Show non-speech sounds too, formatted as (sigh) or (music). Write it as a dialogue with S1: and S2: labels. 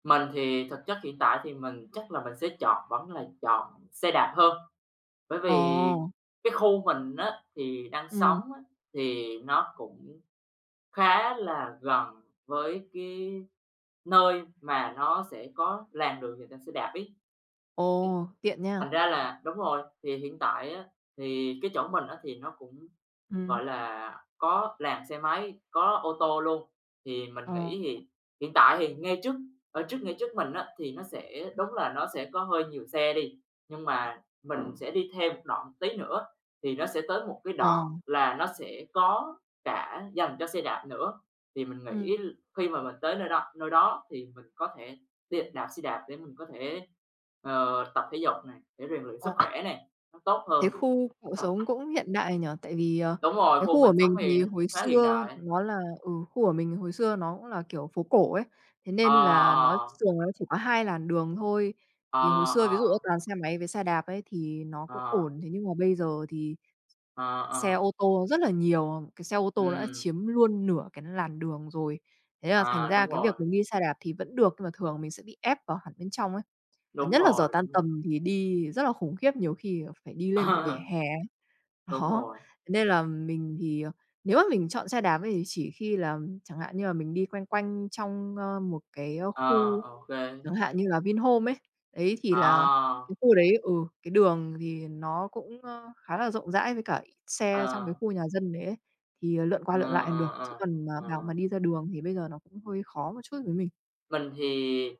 S1: Mình thì thực chất hiện tại thì mình chắc là mình sẽ chọn vẫn là chọn xe đạp hơn, bởi vì
S2: Ồ.
S1: cái khu mình á thì đang sống
S2: Ừm.
S1: á thì nó cũng khá là gần với cái nơi mà nó sẽ có làn đường dành cho xe đạp ấy. Ấy.
S2: Ồ, tiện
S1: Thành
S2: nha.
S1: ra là đúng rồi, thì hiện tại á, thì cái chỗ mình á thì nó cũng,
S2: Ừm.
S1: gọi là, có làn xe máy, có ô tô luôn, thì mình
S2: Ờ.
S1: nghĩ thì hiện tại thì ngay trước ở trước ngay trước mình á thì nó sẽ
S2: Ừm.
S1: đúng là nó sẽ có hơi nhiều xe đi, nhưng mà mình sẽ đi thêm một đoạn tí nữa thì nó sẽ tới một cái đoạn
S2: Ờ.
S1: là nó sẽ có cả dành cho xe đạp nữa. Thì mình nghĩ
S2: Ừm.
S1: l khi mà mình tới nơi đo nơi đó thì mình có thể đi đạp xe đạp để mình có thể, ờ, tập thể dục nè, để rèn luyện sức
S2: Ồ.
S1: khỏe nè, nó tốt
S2: Thế
S1: hơn.
S2: khu cậu sống
S1: (unintelligible)
S2: cũng hiện đại nhỉ? Tại vì, ờ,
S1: Đúng rồi,
S2: cái
S1: khu
S2: khu
S1: mình
S2: của
S1: sống
S2: mình
S1: thì
S2: thì hồi
S1: cũng khá hiện
S2: xưa
S1: đại.
S2: nó là ừ, khu của mình hồi xưa nó cũng là kiểu phố cổ ấy, thế
S1: Ờ,
S2: nên là nó
S1: ờ.
S2: thường nó chỉ có 2 làn đường thôi.
S1: Ờ,
S2: Thì hồi xưa, ví dụ
S1: ờ.
S2: á toàn xe máy với xe đạp ấy thì nó cũng
S1: Ờ.
S2: ổn, thế nhưng mà bây giờ thì
S1: Ờ,
S2: xe
S1: ờ.
S2: ô tô rất là nhiều, ờ, cái xe ô tô đã
S1: Ừm.
S2: chiếm luôn nửa cái làn đường rồi. Thế là thành
S1: À,
S2: ra
S1: đúng
S2: cái
S1: rồi.
S2: việc mình đi xe đạp thì vẫn được, nhưng mà thường mình sẽ bị ép vào hẳn bên trong ấy, và
S1: Đúng
S2: nhất là giờ
S1: rồi,
S2: tan
S1: đúng rồi.
S2: tầm thì đi rất là khủng khiếp, nhiều khi còn phải đi lên cả vỉa
S1: Ờ.
S2: hè.
S1: Đúng
S2: Đó.
S1: rồi.
S2: Nên là mình thì, ờ, nếu mà mình chọn xe đạp ấy, chỉ khi là chẳng hạn như là mình đi quanh quanh trong, a, một cái, a,
S1: Ờ,
S2: khu,
S1: ô kê.
S2: chẳng hạn như là Vinhomes ấy. Đấy, thì là
S1: À!
S2: cái khu đấy ừ, cái đường thì nó cũng, ơ, khá là rộng rãi với cả ít xe trong cái
S1: Ờ.
S2: khu nhà dân đấy ấy, thì, ờ, lượn qua
S1: Ờ,
S2: lượn lại còn
S1: ờ,
S2: được, chứ
S1: ờ.
S2: còn mà bảo mà
S1: Ờ.
S2: đi ra đường thì bây giờ nó cũng hơi khó một chút với mình.
S1: Mình thì